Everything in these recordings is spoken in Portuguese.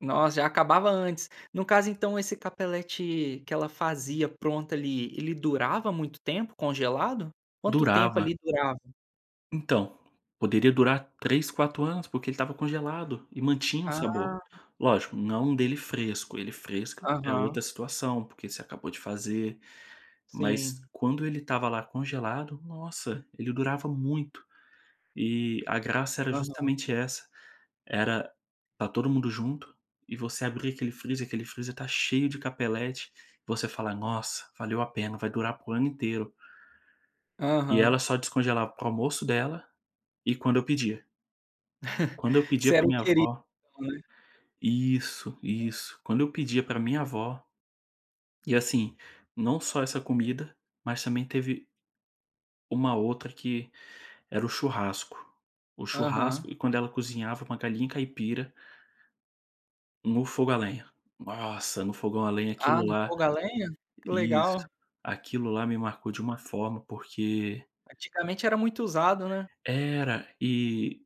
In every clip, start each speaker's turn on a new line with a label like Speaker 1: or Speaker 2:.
Speaker 1: Nossa, já acabava antes. No caso então esse capelete que ela fazia pronto ali, ele durava muito tempo congelado? Quanto tempo
Speaker 2: Durava.
Speaker 1: ali durava?
Speaker 2: Então, poderia durar 3, 4 anos, porque ele estava congelado e mantinha um
Speaker 1: Ah.
Speaker 2: sabor. Lógico, não dele fresco, ele fresco é outra
Speaker 1: Aham.
Speaker 2: situação, porque você acabou de fazer, mas
Speaker 1: Sim.
Speaker 2: quando ele estava lá congelado, nossa, ele durava muito. E a graça era
Speaker 1: Aham.
Speaker 2: justamente essa, era estar todo mundo junto, e você abrir aquele freezer, aquele freezer tá cheio de capeleti, e você falar: "Nossa, valeu a pena, vai durar para o ano inteiro". E ela
Speaker 1: Aham.
Speaker 2: só descongelava para o almoço dela, e quando eu pedia. Quando eu
Speaker 1: Você
Speaker 2: pedia para
Speaker 1: era o
Speaker 2: minha
Speaker 1: querido,
Speaker 2: avó
Speaker 1: né.
Speaker 2: Isso, isso, quando eu pedia para minha avó, e assim, não só essa comida, mas também teve uma outra que era o churrasco. O
Speaker 1: Aham.
Speaker 2: churrasco, e quando ela cozinhava com a galinha caipira no fogo a lenha. Nossa, no fogão a lenha
Speaker 1: Ah,
Speaker 2: aquilo
Speaker 1: no
Speaker 2: lá,
Speaker 1: fogo a lenha? Que legal.
Speaker 2: isso, aquilo lá me marcou de uma forma, porque
Speaker 1: Antigamente era muito usado, né.
Speaker 2: Era e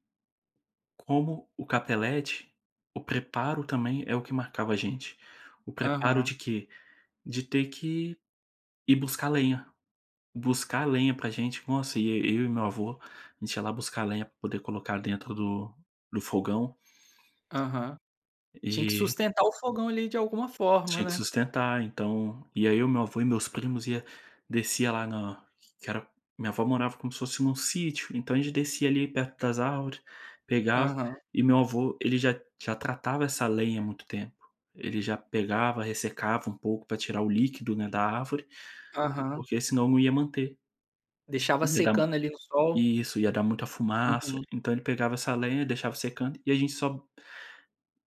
Speaker 2: como o capelete, o preparo também é o que marcava a gente. O preparo
Speaker 1: Aham.
Speaker 2: de quê? De ter que ir buscar lenha, buscar lenha pra gente, nossa, ia e eu e meu avô, a gente ia lá buscar lenha pra poder colocar dentro do do fogão.
Speaker 1: Aham. Tinha que
Speaker 2: E
Speaker 1: sustentar o fogão ali de alguma forma,
Speaker 2: Tinha que
Speaker 1: né.
Speaker 2: sustentar então, aí eu e meu avô e meus primos ia descia lá na que era minha avó morava como se fosse em um sítio, então a gente descia ali perto das árvore, pegava,
Speaker 1: Aham.
Speaker 2: e meu avô ele já já tratava essa lenha há muito tempo, ele já pegava, ressecava um pouco pra tirar o líquido, né, da árvore,
Speaker 1: Aham.
Speaker 2: porque senão eu não ia manter.
Speaker 1: Deixava
Speaker 2: Ia dar ruim
Speaker 1: secando ali no sol.
Speaker 2: isso, ia dar muita fumaça,
Speaker 1: Uhum.
Speaker 2: então ele pegava essa lenha e deixava secando e a gente só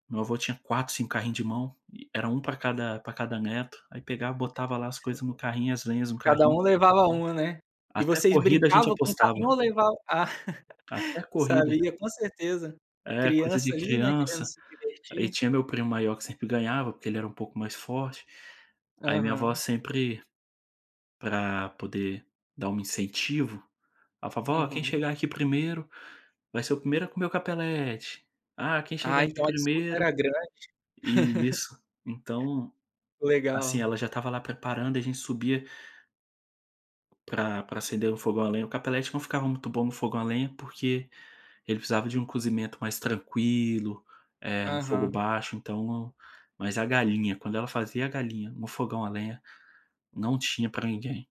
Speaker 2: Meu avô tinha 4, 5 carrinho de mão, e era um pra cada pra cada neto, aí pegava, botava lá as coisas no carrinho, as lenhas no
Speaker 1: Cada
Speaker 2: carrinho
Speaker 1: um levava um, né. E
Speaker 2: Até
Speaker 1: vocês
Speaker 2: corrida a gente
Speaker 1: brincavam com o
Speaker 2: apostava.
Speaker 1: carrinho ou levava, ah,
Speaker 2: Ca até corrida.
Speaker 1: sabia com certeza, ah,
Speaker 2: É coisa
Speaker 1: criança
Speaker 2: de
Speaker 1: ali, né, querendo
Speaker 2: criança.
Speaker 1: se
Speaker 2: Aí
Speaker 1: divertir.
Speaker 2: tinha meu primo maior que sempre ganhava, porque ele era um pouco mais forte. Aí minha avó
Speaker 1: Aham.
Speaker 2: sempre, pra poder dar um incentivo, a vovó quem
Speaker 1: Uhum.
Speaker 2: chegar aqui primeiro vai ser o primeiro a comer o capelete. Ah quem
Speaker 1: Ah
Speaker 2: chegar aqui
Speaker 1: então a disputa era
Speaker 2: primeiro
Speaker 1: grande.
Speaker 2: e isso, então, assim
Speaker 1: Legal.
Speaker 2: ela já estava lá preparando e a gente subia pra pra acender no fogão lenha, o Capelete não ficava muito bom no fogão a lenha, porque ele precisava de um cozimento mais tranquilo, eh, no fogo
Speaker 1: Aham.
Speaker 2: baixo então, mas a galinha, quando ela fazia a galinha no fogão a lenha, não tinha para ninguém.